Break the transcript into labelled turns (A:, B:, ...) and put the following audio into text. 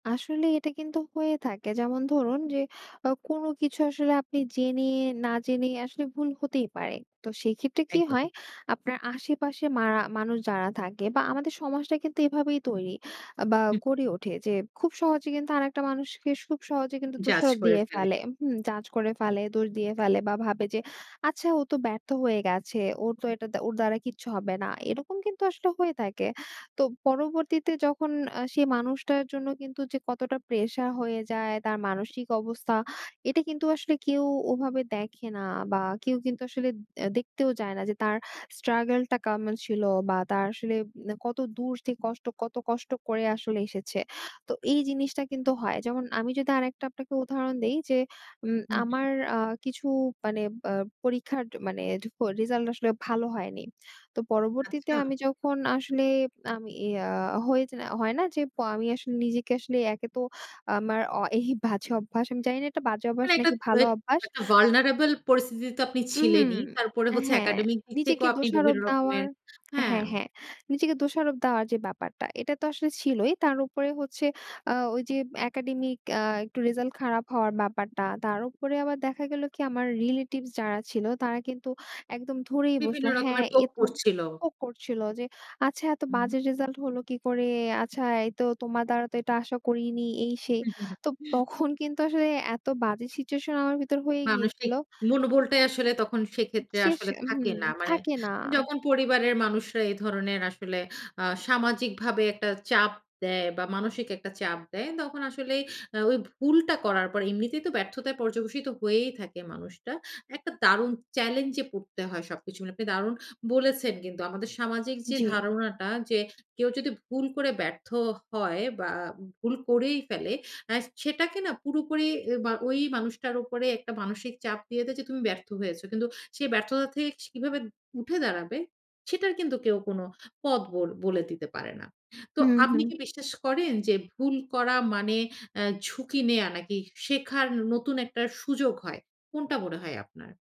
A: আসলেই এটা কিন্তু হয়ে থাকে যেমন ধরুন যে, আ কোনো কিছু আসলে আপনি জেনে না জেনে আসলে ভুল হতেই পারে। তো সেইক্ষেত্রে কি হয়?
B: একদম।
A: আপনার আশেপাশে মারা মানুষ যারা থাকে বা আমাদের সমাজটাই কিন্তু এভাবেই তৈরি, বা
B: হু।
A: গড়ে ওঠে যে, খুব সহজে কিন্তু আরেকটা মানুষকে, সুখ সহজে কিন্তু
B: জাজ
A: দোষারোপ
B: করে
A: দিয়ে
B: ফেলে।
A: ফেলে। হুম! জাজ করে ফেলে, দোষ দিয়ে ফেলে বা ভাবে যে, আচ্ছা ও তো ব্যর্থ হয়ে গেছে। ওরতো এটা দা ওর দ্বারা কিচ্ছু হবে না। এরকম কিন্তু আসলে হয়ে থাকে। তো পরবর্তীতে যখন আ সে মানুষটার জন্য কিন্তু যে কতটা প্রেশার হয়ে যায় তার মানসিক অবস্থা, এটা কিন্তু আসলে কেউ ওভাবে দেখে না বা কেউ কিন্তু আসলে, দেখতেও যায় না যে তার struggle কেমন ছিল বা তার আসলে উম কত দূর থেকে কষ্ট, কত কষ্ট করে আসলে এসেছে। তো এই জিনিসটা কিন্তু হয়। যেমন আমি যদি আরেকটা আপনাকে উদাহরণ দেই যে, উম
B: হুম, হু।
A: আমার আ কিছু মানে আ পরীক্ষার মানে ঢুকো, রেজাল্ট আসলে ভালো হয়নি। তো পরবর্তীতে
B: আচ্ছা!
A: আমি যখন আসলে, আমি ইয়া হয়ে জেনা হয় না যে আমি আসলে, নিজেকে আসলে একেতো আমার অ এই বাজে অভ্যাস, আমি জানি না এটা বাজে অভ্যাস
B: মানে একটা
A: নাকি ভালো
B: web,
A: অভ্যাস।
B: একটা vulnareble পরিস্থিতিতে তো আপনি
A: উহু,
B: ছিলেনই। তারপরে হচ্ছে
A: হ্যাঁ,
B: academic দিক
A: নিজেকে
B: থেকেও আপনি
A: দোষারোপ
B: বিভিন্ন
A: দেওয়ার
B: রকমের হ্যাঁ।
A: হ্যাঁ, হ্যাঁ। নিজেকে দোষারোপ দেওয়ার যে ব্যাপারটা এটাতো আসলে ছিলই। তারপর উপরে হচ্ছে আ ওইযে একাডেমিক আ একটু রেজাল্ট খারাপ হওয়ার ব্যাপারটা। তার উপরে আবার দেখা গেল কি? আমার রিলেটিভস যারা ছিল তারা কিন্তু একদম ধরেই
B: বিভিন্ন
A: বসলো, হ্যাঁ,
B: রকমের poke
A: এত
B: করছিল।
A: হোক করছিল যে, "আচ্ছা এত
B: উহু।
A: বাজে রেজাল্ট হলো কি করে? আচ্ছা! এইতো তোমার দ্বারা তো এটা আশা করিনি" এই সেই।
B: উ, হু,
A: তো
B: হু।
A: তখন কিন্তু আসলে এত বাজে সিচুয়েশন আমার ভিতর হয়ে গিয়েছিল।
B: মানুষিক, মনোবলটাই আসলে তখন সেক্ষেত্রে
A: শেষ,
B: আসলে থাকে
A: হুম।
B: না। মানে,
A: থাকে না।
B: যখন পরিবারের মানুষরা এ ধরনের আসলে আ সামাজিকভাবে একটা চাপ দেয় বা মানসিক একটা চাপ দেয়, তখন আসলে ওই ভুলটা করার পর এমনিতেই তো ব্যর্থতায় পর্যবসিত হয়েই থাকে মানুষটা। একটা দারুণ চ্যালেঞ্জে পড়তে হয় সবকিছু মিলে। আপনি দারুণ বলেছেন কিন্তু আমাদের সামাজিক যে
A: জি।
B: ধারণাটা যে, কেউ যদি ভুল করে ব্যর্থও হয়, বা ভুল করেই ফেলে আ সেটাকে না পুরোপুরি বা ওই মানুষটার উপরে একটা মানসিক চাপ দিয়ে দেয় যে তুমি ব্যর্থ হয়েছ। কিন্তু সে ব্যর্থতা থেকে কীভাবে উঠে দাঁড়াবে, সেটার কিন্তু কেউ কোন পথ বোল বলে দিতে পারে না। তো
A: হু,
B: আপনি
A: হুম।
B: কি বিশ্বাস করেন যে ভুল করা মানে আ ঝুঁকি নেয়া নাকি শেখার নতুন একটা সুযোগ হয়? কোনটা মনে হয় আপনার?